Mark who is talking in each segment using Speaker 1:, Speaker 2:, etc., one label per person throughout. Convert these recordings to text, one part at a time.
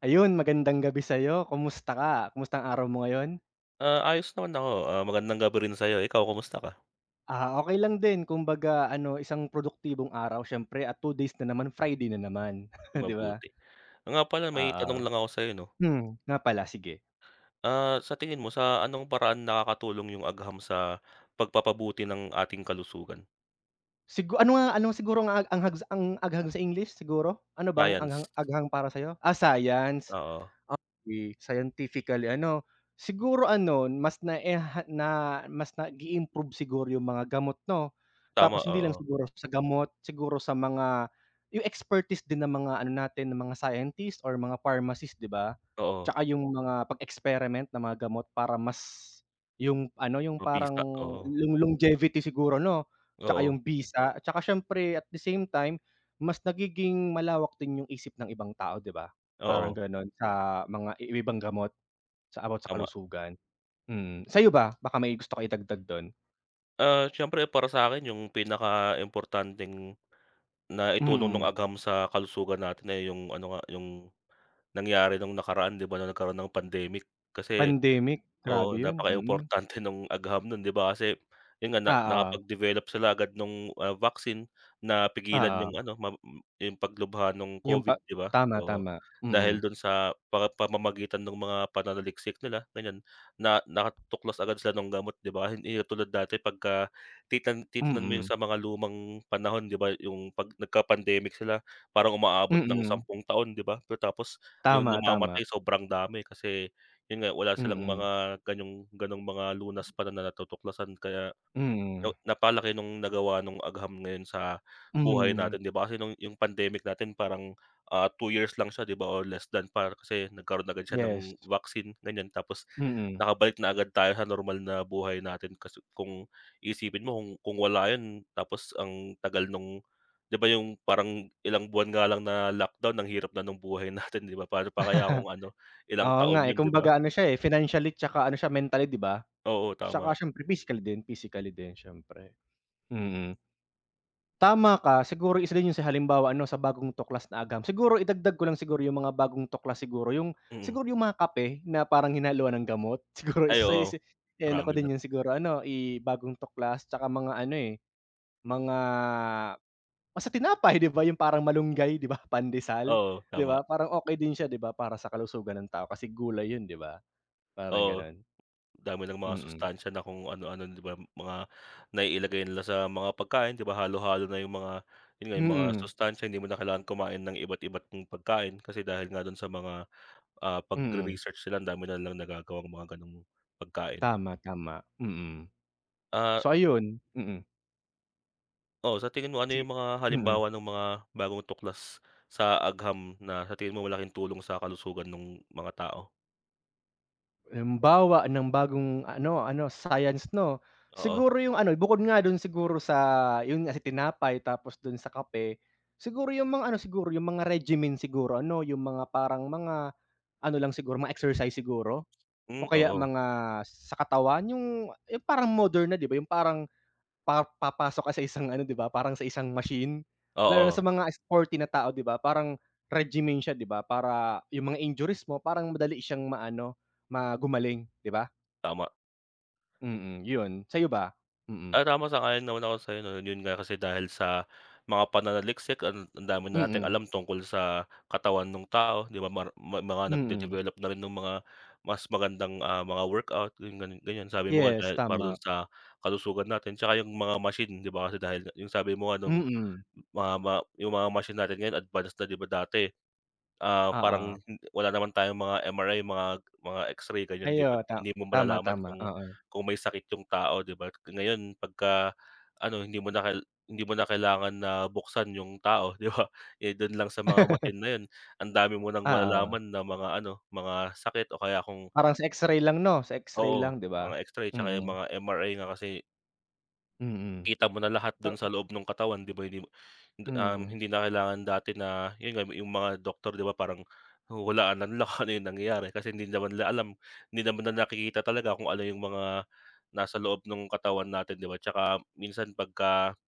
Speaker 1: Ayun, magandang gabi sa'yo kumusta ka? Kumusta ang araw mo ngayon?
Speaker 2: Ah, ayos naman ako ah, magandang gabi rin sa'yo. Ikaw kamusta ka?
Speaker 1: Ah, okay lang 'din. Kumbaga ano isang produktibong araw, siyempre at 2 days na naman, Friday na naman 'di ba?
Speaker 2: Mabuti. Oo nga pala may tanong
Speaker 1: Oo.
Speaker 2: lang ako sa'yo no.
Speaker 1: Hmm, nga pala sige.
Speaker 2: Ah, sa tingin mo sa anong paraan nakakatulong yung agham sa, pagpapabuti ng ating kalusugan?
Speaker 1: Sigu ano nga? Ano siguro nga ang anghag sa ang agham sa English siguro, ano bang
Speaker 2: Science.
Speaker 1: anghang agham para sa'yo? Ah, Science.
Speaker 2: Oo.
Speaker 1: Okey scientifically ano. siguro ano mas na-enha na mas nagi-improve siguro yung mga gamot, no?
Speaker 2: Tama,
Speaker 1: Tapos hindi lang
Speaker 2: oo.
Speaker 1: siguro sa gamot siguro sa mga, yung expertise din, ng mga ano natin ng mga scientist or mga pharmacist, 'di ba?
Speaker 2: Oo.
Speaker 1: Tsaka yung mga pag-experiment ng mga gamot para mas, yung ano yung parang
Speaker 2: Mabisa oo.
Speaker 1: lo longevity siguro no? Tsaka yung
Speaker 2: Oo.
Speaker 1: bisa tsaka siyempre at the same time mas nagiging malawak din yung isip ng ibang tao, 'di ba? Parang
Speaker 2: Oo.
Speaker 1: ganon sa mga i yung ibang gamot sa about sa
Speaker 2: Tama.
Speaker 1: kalusugan, mm. Sa'yo ba? Baka may gusto ka idagdag dun?
Speaker 2: Ah, siyempre para sa'kin 'yung pinakaimportanteng naitulong no'ng
Speaker 1: Mm.
Speaker 2: agham sa kalusugan natin ay 'yung ano nga, 'yung nangyari no'ng nakaraan di ba, no'ng nagkaroon ng pandemic. Kasi
Speaker 1: Pandemic, grabe
Speaker 2: oo,
Speaker 1: 'yon. Mm.
Speaker 2: napakaimportante no'ng agham no'n, di ba, kasi 'yun nga, na
Speaker 1: Oo.
Speaker 2: nakapag-develop sila agad no'ng, ah, vaccine, napigilan 'yung
Speaker 1: Oo.
Speaker 2: ano mab m 'yung paglubha no'ng
Speaker 1: 'Yung pa
Speaker 2: COVID, di ba,
Speaker 1: tama,
Speaker 2: oo.
Speaker 1: tama,
Speaker 2: Dahil
Speaker 1: mm.
Speaker 2: do'n sa pa pamamagitan ng mga pananaliksik nila ganiyan, na nakatuklas agad sila nung gamot 'di ba. Hindi yun tulad dati, pagka titan titignan mo 'yong
Speaker 1: Mm.
Speaker 2: sa mga lumang panahon 'di ba, 'yung 'pag nagka-pandemic sila, parang umaabot ng
Speaker 1: Mm.
Speaker 2: 10 taon 'di ba, pagkatapos 'yong
Speaker 1: Tama, tama.
Speaker 2: namamatay sobrang dami, kasi 'yun nga, wala silang
Speaker 1: Mm.
Speaker 2: mga ganyong gano'ng mga lunas pa na na natutuklasan kaya,
Speaker 1: Mm.
Speaker 2: yo napalaki no'ng nagawa no'ng agham ngayon sa buhay
Speaker 1: Mm.
Speaker 2: natin, 'di ba? Kasi no'ng 'yong pandemic natin parang, ah, 2 years lang siya 'di ba or less than pa, kasi nagkaroon agad siya
Speaker 1: Yes.
Speaker 2: ng vaccine ganiyan. Tapos
Speaker 1: Mm.
Speaker 2: nakabalik na agad tayo sa normal na buhay natin, kasi kung iisipin mo, kung kung wala 'yun, tapos ang tagal no'ng di ba 'yung parang ilang buwan nga lang na lockdown, ang hirap na no'ng buhay natin di ba, pa'no pa kaya kung ano ilang
Speaker 1: Oo nga,
Speaker 2: taon
Speaker 1: eh,
Speaker 2: 'yun, di ba?
Speaker 1: kumbaga ano siya, eh, financially tsaka ano siya mentally 'di ba?
Speaker 2: Oo, tama.
Speaker 1: Tsaka siyempre physical din physically din, siyempre. Mm. Tama ka. Siguro isa din 'yun sa halimbawa ano sa bagong tuklas na agham. Siguro idagdag ko lang siguro 'yung mga bagong tuklas siguro 'yung
Speaker 2: Mm.
Speaker 1: siguro 'yung mga kape na parang hinaluan ng gamot, siguro
Speaker 2: Ay,
Speaker 1: isa yu
Speaker 2: oo,
Speaker 1: si iano ko
Speaker 2: marami na
Speaker 1: din
Speaker 2: rin.
Speaker 1: 'yun siguro ano, i bagong tuklas, tsaka mga ano, eh, mga basta tinapay di ba, 'yung parang malunggay di ba, pandesal
Speaker 2: Oo,
Speaker 1: di ba,
Speaker 2: tama.
Speaker 1: parang okey din siya di ba, para sa kalusugan ng tao kasi gulay 'yun di ba, parang
Speaker 2: Oo,
Speaker 1: gano'n.
Speaker 2: dami nang mga
Speaker 1: Mm.
Speaker 2: sustansiya na kung ano-ano di ba, mga naiilagay nila sa mga pagkain, di ba? Halo-halo na 'yung mga 'yun nga, 'yung mga
Speaker 1: Mm.
Speaker 2: sustansiya hindi mo na kailangang kumain ng iba't iba't 'yung pagkain, kasi dahil nga do'n sa mga, ah,
Speaker 1: Mm.
Speaker 2: pagre-research nila, andami nilang nagagawang mga gano'ng pagkain.
Speaker 1: Tama, tama, mm.
Speaker 2: Ah
Speaker 1: So ayun, mm.
Speaker 2: Oo sa tingin mo ano
Speaker 1: Sige
Speaker 2: yung mga,
Speaker 1: mm.
Speaker 2: halimbawa ng mga bagong tuklas sa agham na sa tingin mo malaking tulong sa kalusugan nung mga tao?
Speaker 1: Halimbawa ng bagong ano ano science, 'no?
Speaker 2: Oo.
Speaker 1: Siguro yung ano bukod nga dun siguro sa yun nga sa, tinapay tapos dun sa kape, siguro yung mga ano siguro yung mga regimen siguro ano yung mga parang mga, ano lang siguro mga exercise siguro, o
Speaker 2: Hmm,
Speaker 1: kaya
Speaker 2: oo.
Speaker 1: mga sa katawan yung yung parang modern na 'di ba, yung parang, pa papasok ka sa isang ano 'di ba, parang sa isang machine, lalo na sa
Speaker 2: Oo.
Speaker 1: mga sporty na tao 'di ba, parang regimen siya 'di ba, para yung mga injuries mo parang madali siyang maano, ma gumaling 'di ba?
Speaker 2: Tama.
Speaker 1: Mm yun, sa'yo ba? Mm.
Speaker 2: Ah, tama sang-ayon naman ako na sa'yo 'yun nga kasi dahil sa mga pananaliksik ang ang dami na nating
Speaker 1: Mm.
Speaker 2: alam tungkol sa, katawan nung tao 'di ba? Mar ma mga
Speaker 1: Mm.
Speaker 2: nagde-develop na rin nung mga mas magandang, ah, mga workout ganyan, sabi mo nga
Speaker 1: Yes,
Speaker 2: dahil para dun
Speaker 1: tama.
Speaker 2: sa kalusugan natin tsaka yung mga machine 'di ba, kasi dahil nga yung sabi mo nga nung
Speaker 1: Mm.
Speaker 2: mga ma mga yung mga machine natin ngayon advance na 'di ba, dati, ah, parang
Speaker 1: Oo.
Speaker 2: wala naman tayong mga MRI mga mga X-ray ganyan
Speaker 1: Ay,
Speaker 2: 'di ba,
Speaker 1: oo, tam
Speaker 2: hindi mo
Speaker 1: tama,
Speaker 2: malalaman
Speaker 1: tama,
Speaker 2: kung,
Speaker 1: oo.
Speaker 2: kung may sakit yung tao 'di ba, k ngayon 'pagka, ano hindi mo na kal hindi mo na kailangan na buksan yung tao, 'di ba, eh, dun lang sa mga machine na 'yun ang dami mo nang
Speaker 1: Oo.
Speaker 2: malalaman na mga ano, mga sakit o kaya kung
Speaker 1: Parang sa X-ray lang 'no, sa X-ray
Speaker 2: Oo,
Speaker 1: lang 'di ba?
Speaker 2: mga X-ray tsaka yung
Speaker 1: Mm.
Speaker 2: mga MRI nga kasi.
Speaker 1: Hmm,
Speaker 2: Kita mo na lahat dun sa
Speaker 1: oo.
Speaker 2: loob ng katawan 'di ba, hindi mo hindi, um,
Speaker 1: Hmm.
Speaker 2: hindi na kailangan dati na, 'yun nga yung mga doktor 'di ba, parang huhulaan na nila kung ano yung nangyayari kasi hindi naman nila alam, hindi naman na nakikita talaga kung ano yung mga nasa loob ng katawan natin 'di ba? 'Tsaka minsan 'pagka,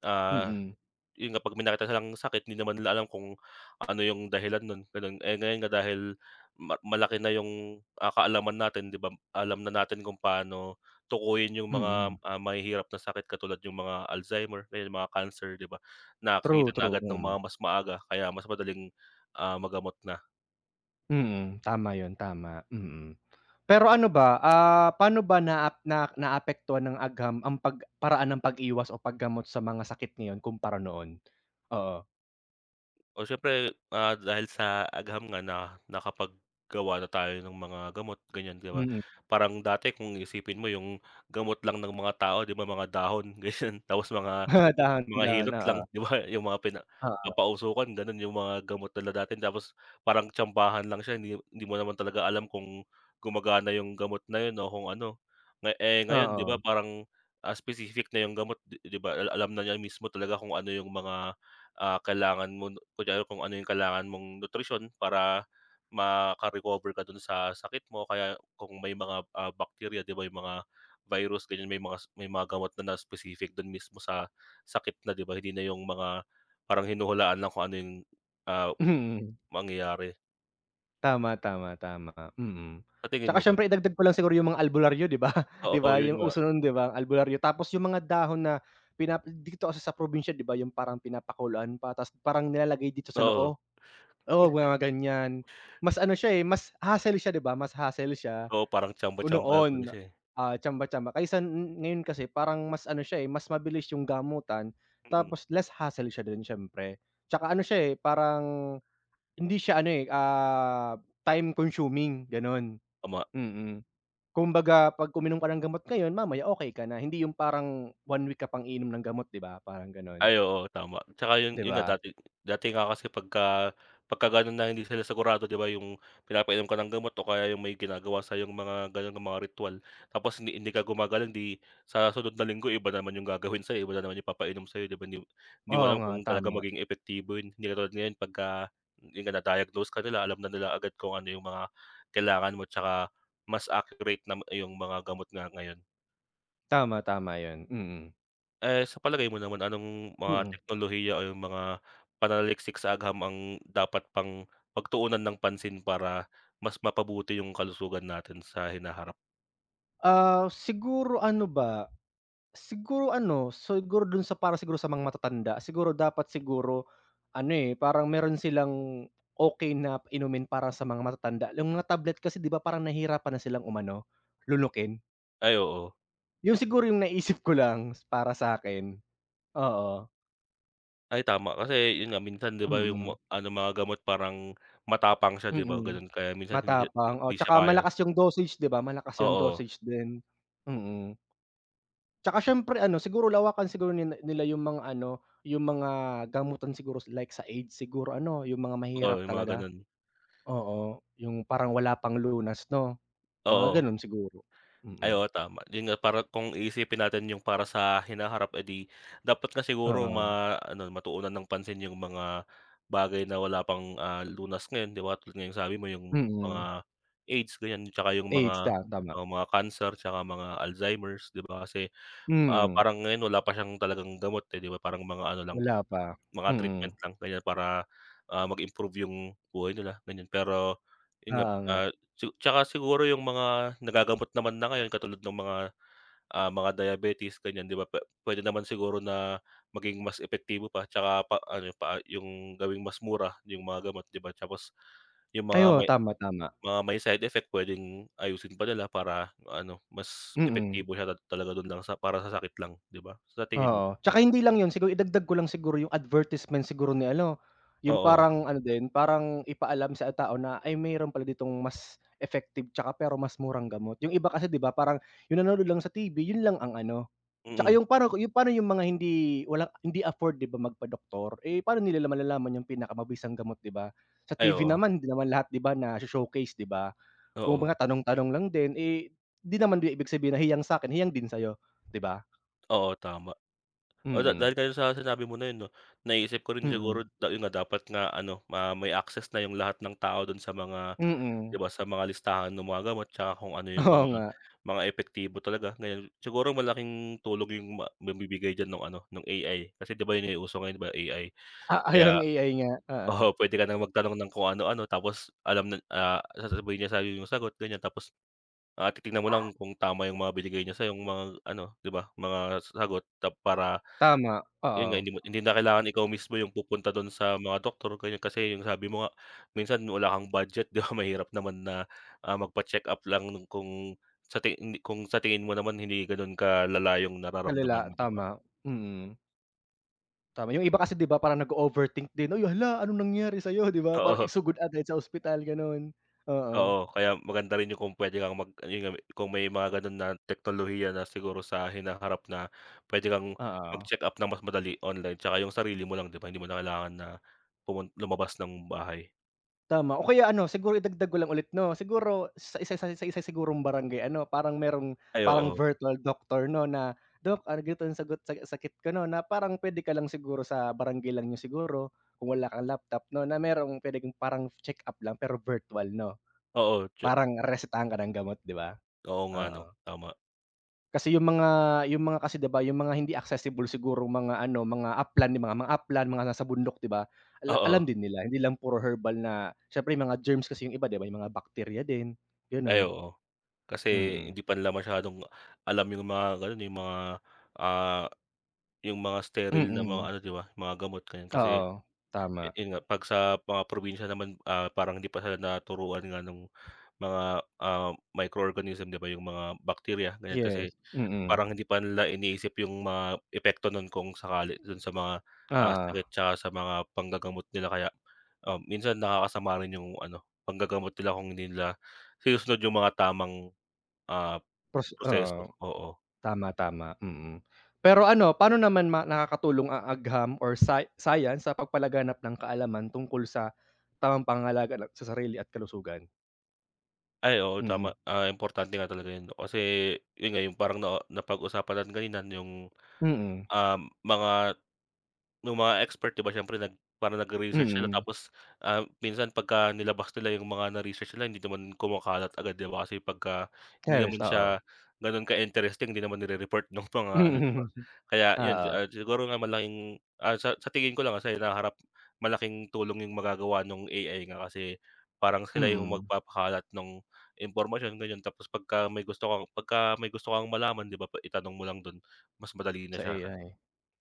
Speaker 2: ah,
Speaker 1: Mm.
Speaker 2: 'yun na kapag may makita silang sakit hindi naman nila alam kung, ano yung dahilan nun ganon, eh, ngayon nga dahil, ma malaki na yung, ah, kaalaman natin 'di ba, alam na natin kung paano tukuyin yung
Speaker 1: Mm.
Speaker 2: mga, ah, mahihirap na sakit katulad yung mga Alzheimer ayun mga cancer 'di ba,
Speaker 1: True,
Speaker 2: nakita na
Speaker 1: true,
Speaker 2: agad ng mga
Speaker 1: mm.
Speaker 2: mas maaga kaya mas madaling, ah, magamot na.
Speaker 1: Mm, tama 'yun tama, mm, pero ano ba, ah, pano ba naap na naapektuhan ng agham ang pag paraan ng pag-iwas o pag gamot sa mga sakit ngayon kumpara noon? Oo?
Speaker 2: Oh, siyempre, ah, dahil sa agham nga na nakapaggawa na tayo ng mga gamot ganyan 'di ba.
Speaker 1: Mm.
Speaker 2: Parang dati kung iisipin mo yung gamot lang ng mga tao 'di ba, mga dahon ganyan tapos mga
Speaker 1: Ah,
Speaker 2: mga
Speaker 1: dahon-dahon,
Speaker 2: hilot lang
Speaker 1: oo.
Speaker 2: 'di ba? 'Yung mga pina
Speaker 1: Oo.
Speaker 2: papausukan ganon yung mga gamot nila dati tapos parang tsambahan lang siya hindi hindi mo naman talaga alam kung gumagana yung gamot na 'yun o kung ano. Na eh, ngayon 'di ba,
Speaker 1: Oo.
Speaker 2: parang, as specific na yung gamot 'di 'di ba, al alam na niya mismo talaga kung ano yung mga, ah, kailangan mo 'no, kunwari kung ano yung kailangan mong nutrisyon para maka-recover ka dun sa sakit mo, kaya kung may mga, ah, bakterya 'di ba, yung mga virus ganyan may mga s may mga gamot na na specific dun mismo sa sakit na 'di ba, hindi na yung mga parang hinuhulaan lang kung ano yung, ah,
Speaker 1: Hmm.
Speaker 2: mangyayari.
Speaker 1: Tama, tama, tama, mm.
Speaker 2: Sa tingin
Speaker 1: Tsaka
Speaker 2: mo ba?
Speaker 1: siyempre idagdag ko lang siguro 'yung mga albularyo 'di ba? 'Di
Speaker 2: Oo,
Speaker 1: ba
Speaker 2: 'yun
Speaker 1: 'yung
Speaker 2: nga.
Speaker 1: uso no'n di ba, albularyo tapos 'yung mga dahon na pina dito kasi sa probinsiya di ba, 'yung parang pinapakuluan pa tapos parang nilalagay dito sa
Speaker 2: Oo.
Speaker 1: noo, oo, mga ganiyan. Mas ano siya, eh, mas hassle siya di ba, mas hassle siya,
Speaker 2: Oo, parang
Speaker 1: ko
Speaker 2: tsamba-tasamba na tuloy
Speaker 1: noon,
Speaker 2: siya eh.
Speaker 1: ah, tsamba tsamba kaysa ngayon kasi parang mas ano siya, eh, mas mabilis 'yong gamutan,
Speaker 2: Mm.
Speaker 1: tapos less hassle siya do'n siyempre. Tsaka ano siya, eh, parang hindi siya ano, eh, ah, time consuming gano'n,
Speaker 2: Tama.
Speaker 1: mm. Kumbaga 'pag uminom ka ng gamot ngayon, mamaya okey ka na, hindi 'yung parang 1 week ka pang iinom ng gamot, 'di ba, parang gano'n.
Speaker 2: Ay, oo, tama. Tsaka 'yun
Speaker 1: Di
Speaker 2: 'yun nga
Speaker 1: ba?
Speaker 2: dati dati nga kasi pagka pagka gano'n na hindi sila sigurado di ba, 'yung pinapainom ka ng gamot o kaya 'yung may ginagawa sa'yo 'yung mga gano'n mga ritwal, tapos hindi hindi ka gumagaling, di sa susunod na linggo, iba naman 'yung gagawin sa'yo, iba na naman yung ipapainom sa'yo di ba, 'yung di mo
Speaker 1: Oo
Speaker 2: alam
Speaker 1: nga,
Speaker 2: kung talagang
Speaker 1: tama.
Speaker 2: maging epektibo 'yun. Hindi katulad ngayon, 'pagka 'yun nga, na-diagnose ka nila alam na nila agad kung ano 'yung mga kailangan mo, tsaka mas accurate na iyong mga gamot nga ngayon.
Speaker 1: Tama. Tama 'yon, mm.
Speaker 2: Eh, sa palagay mo naman, anong mga
Speaker 1: Mm.
Speaker 2: teknolohiya o yung mga pananaliksik sa agham ang dapat pang pagtuunan ng pansin para mas mapabuti yung kalusugan natin sa hinaharap?
Speaker 1: Ah, siguro ano ba, siguro ano, siguro dun sa para siguro sa mga matatanda, siguro dapat siguro ano, eh, parang meron silang okey na inumin para sa mga matatanda, yung mga tablet kasi 'di ba, parang nahihirapan na silang umano, lunukin.
Speaker 2: Ay, oo.
Speaker 1: 'Yon siguro yung naisip ko lang, para sa'kin, oo.
Speaker 2: Ay, tama. Kasi yun nga, minsan 'di ba yung ma
Speaker 1: Mm.
Speaker 2: ano mga gamot parang matapang siya 'di ba
Speaker 1: Mm,
Speaker 2: ganun, kaya minsan hindi siya
Speaker 1: matapang, oo,
Speaker 2: hindi siya
Speaker 1: 'tsaka
Speaker 2: kaya.
Speaker 1: malakas yung dosage, 'di ba? Malakas yung
Speaker 2: Oo.
Speaker 1: dosage din. Mm. Tsaka siyempre ano, siguro lawakan siguro nila nila yung mga ano, yung mga gamutan siguro, like sa AIDS. Siguro ano, yung mga
Speaker 2: Oo,
Speaker 1: mahihirap
Speaker 2: yung mga
Speaker 1: talaga.
Speaker 2: gano'n.
Speaker 1: Oo, yung parang wala pang lunas 'no, mga
Speaker 2: Oo.
Speaker 1: gano'n siguro,
Speaker 2: Ay,
Speaker 1: mm.
Speaker 2: oo, tama. Yun nga, para kung iisipin natin yung para sa hinaharap, eh, 'di dapat nga siguro
Speaker 1: Oo.
Speaker 2: maano, matuunan ng pansin yung mga bagay na wala pang, ah, lunas ngayon, 'di ba tulad nga ng sabi mo yung mga
Speaker 1: Mm.
Speaker 2: AIDS ganiyan, tsaka yung
Speaker 1: AIDS,
Speaker 2: mga,
Speaker 1: ta tama.
Speaker 2: ah, mga cancer tsaka mga Alzheimer's 'di ba kasi, ah,
Speaker 1: Mm.
Speaker 2: parang ngayon, wala pa siyang talagang gamot, eh, 'di ba? Parang mga ano lang,
Speaker 1: Wala pa,
Speaker 2: mga treatment
Speaker 1: mm.
Speaker 2: lang ganiyan para, ah, mag-improve yung buhay nila ganiyan, pero yun nga,
Speaker 1: Oo nga.
Speaker 2: ah, tsu tsaka siguro yung mga nagagamot naman na ngayon katulad nung mga, ah, mga diabetes ganiyan, 'di ba puwe puwede naman siguro na maging mas epektibo pa, tsaka pa ano, pa ah, yung gawing mas mura yung mga gamot, 'di ba? Tapos yung
Speaker 1: Ay,
Speaker 2: mga
Speaker 1: oo.
Speaker 2: may
Speaker 1: Tama, tama.
Speaker 2: mga may side effect, puwedeng ayusin pa nila para ano, mas
Speaker 1: Mm.
Speaker 2: epektibo siya la talaga dun lang sa para sa sakit lang 'di ba, sa tingin mo?
Speaker 1: Oo. Tsaka hindi lang yun. Siguro idagdag ko lang siguro yung advertisement siguro ni ano, yung
Speaker 2: Oo.
Speaker 1: parang ano din, parang ipaalam sa tao na, ay, meron pala ditong mas effective 'tsaka pero mas murang gamot. Yung iba kasi 'di ba parang yung nanonood lang sa TV yun lang ang ano, tsaka
Speaker 2: Mm.
Speaker 1: yung parang ku pa'no yung mga hindi wala, hindi afford 'di ba, magpadoktor. Eh, pa'no nila malalaman yung pinakamabisang gamot, 'di ba? Sa
Speaker 2: Ay,
Speaker 1: TV
Speaker 2: oo.
Speaker 1: naman, hindi naman lahat, 'di ba nasho-showcase, 'di ba?
Speaker 2: Oo.
Speaker 1: Kumbaga tanong-tanong lang din. Eh, 'di naman din ibig sabihin na hiyang sa'kin, hiyang din sa'yo, 'di ba?
Speaker 2: Oo tama. Wala,
Speaker 1: Mm.
Speaker 2: dahil kasi sa sinabi mo na yun 'no, naisip ko rin
Speaker 1: Mm.
Speaker 2: siguro ta yun nga dapat nga ano ma may access na yung lahat ng tao dun sa mga 'di
Speaker 1: Mm.
Speaker 2: ba, sa mga listahan ng mga gamot tsaka, kung ano yung
Speaker 1: Oo
Speaker 2: mga
Speaker 1: nga.
Speaker 2: mga epektibo talaga ngayon. Siguro malaking tulong yung ma mabibigay diyan nung ano nung AI kasi 'di ba, yun yung uso ngayon 'di ba, AI.
Speaker 1: Ah, ay
Speaker 2: Kaya
Speaker 1: ang AI nga,
Speaker 2: oo,
Speaker 1: oo.
Speaker 2: pwede ka nang magtanong ng kung ano-ano, tapos alam nan ah, sasabihin niya sa'yo yung sagot ganyan. Tapos, ah, titignan mo lang kung tama yung mga binigay niya sa'yo yung mga ano, 'di ba, mga sagot tap para
Speaker 1: Tama,
Speaker 2: yun nga
Speaker 1: oo.
Speaker 2: hindi mo hindi na kailangan ikaw mismo yung pupunta dun sa mga doktor, ganon, kasi yung sabi mo nga, minsan wala kang budget, di ba, mahirap naman na, ah, magpacheck-up lang, lalo kung sa ti hindi kung sa tingin mo naman hindi ganon kalala yong nararamdaman
Speaker 1: Kalala,
Speaker 2: mo, 'di ba?
Speaker 1: tama mm. Tama, yung iba kasi 'di ba, parang nago-overthink din, "Hoy, hala, anong nangyari sa'yo?" 'Di ba? Parang
Speaker 2: Oo.
Speaker 1: isugod agad sa ospital, ganon. Oo.
Speaker 2: Oo, kaya maganda rin yung kung pwede kang mag ayun nga me kung may mga ganon na teknolohiya na siguro sa hinaharap na pwede kang
Speaker 1: Oo.
Speaker 2: magcheck-up ng mas madali online tsaka yung sarili mo lang, 'di ba. Hindi mo na kailangan na pumun lumabas ng bahay.
Speaker 1: Tama, o kaya ano siguro, idagdag ko lang ulit 'no, siguro sa isa sa sa isa sigurong barangay ano, parang merong
Speaker 2: Ay,
Speaker 1: parang
Speaker 2: oo.
Speaker 1: virtual doctor 'no, na, "Dok, argu 'tong sagot sa sakit ko, 'no?" na parang puwede ka lang siguro sa barangay lang niyo siguro, kung wala kang laptop 'no, na merong puwedeng parang check-up lang pero virtual, 'no?
Speaker 2: Oo, tsa
Speaker 1: Parang resetahan ka ng gamot, 'di ba?
Speaker 2: Oo nga 'no,
Speaker 1: Oo.
Speaker 2: tama.
Speaker 1: Kasi yung mga yung mga kasi 'di ba, yung mga hindi accessible sigurong mga ano, mga upland, yung mga upland, mga nasa bundok, 'di ba? Ala alam
Speaker 2: Oo.
Speaker 1: din nila, hindi lang puro herbal na siyempre mga germs kasi yung iba, 'di ba, yung mga bakterya din,
Speaker 2: Ay,
Speaker 1: gano'n.
Speaker 2: oo. Kasi,
Speaker 1: Mm.
Speaker 2: hindi pa nila masyadong alam yung mga gano'n eh, yung mga, ah, yung mga sterile na mga
Speaker 1: Mm.
Speaker 2: ano, di ba, mga gamot, gano'n. Kasi
Speaker 1: Oo.
Speaker 2: yu
Speaker 1: Tama.
Speaker 2: yun nga 'pag sa mga probinsya naman, ah, parang hindi pa sila naturuan nga nung mga, ah, microorganism, di ba, yung mga bakterya, ganiyan. Kasi
Speaker 1: Yes. Mm.
Speaker 2: parang hindi pa nila iniisip yung mga epekto nun kung sakali dun sa mga, ah, sakit
Speaker 1: Oo.
Speaker 2: tsaka sa mga panggagamot nila kaya, ah, minsan nakakasama rin yung ano, panggagamot nila kung hindi nila sinusunod yung mga tamang, ah,
Speaker 1: Pos
Speaker 2: proseso,
Speaker 1: oo.
Speaker 2: oo.
Speaker 1: Tama, tama, mm. Pero ano, paano naman ma nakakatulong ang agham or sci science sa pagpalaganap ng kaalaman tungkol sa tamang pangangalaga ng sa sarili at kalusugan?
Speaker 2: Ay, oo
Speaker 1: Mm.
Speaker 2: tama, ah, importante nga talaga yan, 'no kasi yun nga, yung parang na napag-usapan lang kanina yung,
Speaker 1: Mm.
Speaker 2: um, mga nung mga expert 'di ba, siyempre nag para nagre-research sila
Speaker 1: Mm.
Speaker 2: tapos, ah, minsan 'pagka nilabas nila yung mga na-research nila hindi naman kumakalat agad 'di ba? Kasi pagka hindi
Speaker 1: Teres,
Speaker 2: naman
Speaker 1: oo.
Speaker 2: siya ganun ka-interesting, hindi naman nire-report nung mga ano 'di ba?
Speaker 1: Mhm,
Speaker 2: Kaya yun, si
Speaker 1: oo.
Speaker 2: ah, siguro nga malaking ah, sa sa tingin ko lang, ah, sa hinaharap, malaking tulong yung magagawa nung AI nga kasi parang sila yung
Speaker 1: Mm.
Speaker 2: magpapakalat nung impormasyon ganyan, tapos 'pagka may gusto kang 'pagka may gusto kang malaman 'di ba, itanong mo lang dun mas madali na
Speaker 1: Sa
Speaker 2: siya ka
Speaker 1: AI,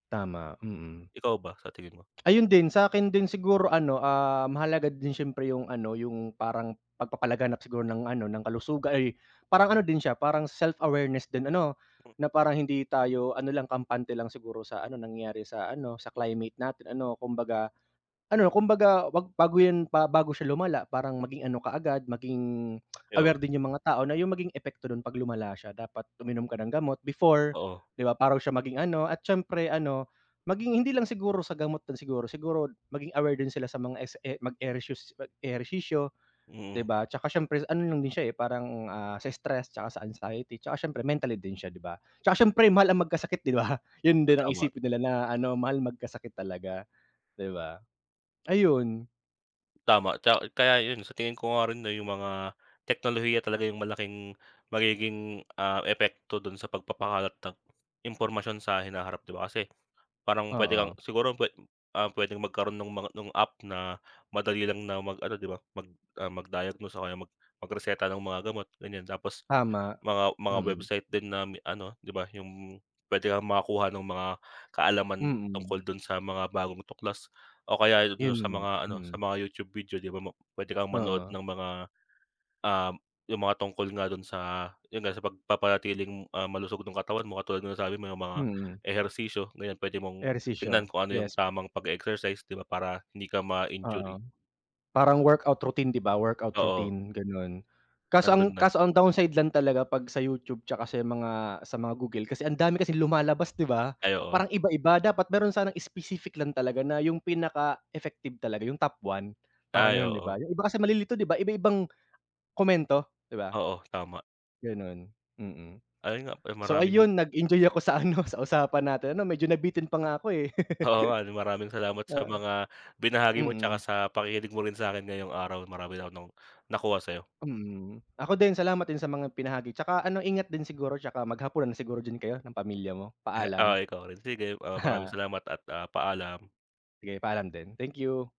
Speaker 1: tama. Mm.
Speaker 2: Ikaw ba sa tingin mo?
Speaker 1: Ayun din, sa'kin din siguro ano, ah, mahalaga din siyempre yung ano, yung parang pagpapalaganap siguro ng ano, ng kalusuga ay parang ano din siya parang self-awareness din ano, na parang hindi tayo ano lang kampante lang siguro sa ano nangyayari sa ano sa climate natin ano kumbaga ano kumbaga wag bago yan pa bago siya lumala parang maging ano kaagad maging
Speaker 2: Ay, oo.
Speaker 1: aware din 'yong mga tao na yung maging epekto no'n pag lumala siya. Dapat uminom ka ng gamot, before,
Speaker 2: Oo.
Speaker 1: 'di ba parang siya maging ano at siyempre ano maging hindi lang siguro sa gamot din siguro siguro maging aware din sila sa mga es e mag-ereshus mag-ehersisyo 'di
Speaker 2: Mm.
Speaker 1: ba? Tsaka siyempre ano lang din siya parang, ah, sa stress 'tsaka sa anxiety, tsaka siyempre mentally din siya 'di ba? Tsaka siyempre mahal ang magkasakit 'di ba? Yun din ang
Speaker 2: Tama.
Speaker 1: isipin nila na ano mahal magkasakit talaga 'di ba? Ayun.
Speaker 2: Tama, ta kaya 'yon, sa tingin ko nga rin, 'no, 'yung mga teknolohiya talaga 'yung malaking magiging, ah, epekto do'n sa pagpapakalat ng impormasyon sa hinaharap, 'di ba, kasi, parang puwede kang
Speaker 1: Oo.
Speaker 2: siguro puwe ah, puwedeng magkaroon no'ng mga no'ng app, na madali lang na mag-ano, 'di ba, mag ah, mag-diagnose o kaya mag magreseta ng mga gamot, ganiyan. Tapos,
Speaker 1: Tama,
Speaker 2: mga mga
Speaker 1: mm.
Speaker 2: website din na mi ano, 'di ba, 'yung puwede kang makakuha no'ng mga kaalaman,
Speaker 1: Mm.
Speaker 2: tungkol do'n sa mga bagong tuklas o kaya 'yon do'n
Speaker 1: 'Yon
Speaker 2: sa
Speaker 1: nga,
Speaker 2: mga ano, sa
Speaker 1: mm.
Speaker 2: mga YouTube video, 'di ba, mo puwede kang manood
Speaker 1: Oo.
Speaker 2: ng mga, um, 'yung mga tungkol nga do'n sa, 'yon nga, sa pagpapanatiling, ah, malusog no'ng katawan mo, katulad nga ng nasabi mo 'yung mga
Speaker 1: Mm.
Speaker 2: ehersisyo. Ngayon puwede mong tignan,
Speaker 1: Ehersisyo,
Speaker 2: kung ano 'yung
Speaker 1: yes.
Speaker 2: tamang pag-e-exercise, 'di ba, para hindi ka ma-injury.
Speaker 1: Oo.Parang workout routine, 'di ba, workout
Speaker 2: Oo.
Speaker 1: routine, gano'n. Kaso ang
Speaker 2: Nando'n na.
Speaker 1: kaso ang downside lang talaga 'pag sa YouTube, tsaka sa mga sa mga Google kasi ang dami kasing lumalabas, 'di ba,
Speaker 2: Ay, oo.
Speaker 1: parang iba-iba. Dapat meron sanang specific lang talaga, na 'yung pinaka-effective talaga, 'yung top 1, parang
Speaker 2: Ay,
Speaker 1: 'yon, 'di ba?
Speaker 2: oo.
Speaker 1: 'Yung iba kasi malilito, 'di ba, iba-ibang komento, 'di ba?
Speaker 2: Oo, tama.
Speaker 1: Gano'n, mm.
Speaker 2: Ayun nga, eh,
Speaker 1: So,
Speaker 2: maraming
Speaker 1: ayun, nag-enjoy ako sa ano, sa usapan natin, 'no, medyo nabitin pa nga ako, eh.
Speaker 2: Oo nga, 'no, maraming salamat sa
Speaker 1: Oo.
Speaker 2: mga binahagi mo, tsaka
Speaker 1: Mm.
Speaker 2: sa pakikinig mo rin sa'kin ngayong araw, marami ako no'ng nakuha sa'yo.
Speaker 1: Mm, ako din, salamat din sa mga binahagi. Tsaka ano, ingat din siguro, tsaka maghapunan na siguro din kayo, ng pamilya mo.
Speaker 2: He oh,
Speaker 1: Paalam.
Speaker 2: ikaw rin. Sige, ah, maraming
Speaker 1: Aha.
Speaker 2: salamat at, ah, paalam.
Speaker 1: Sige, paalam din. Thank you.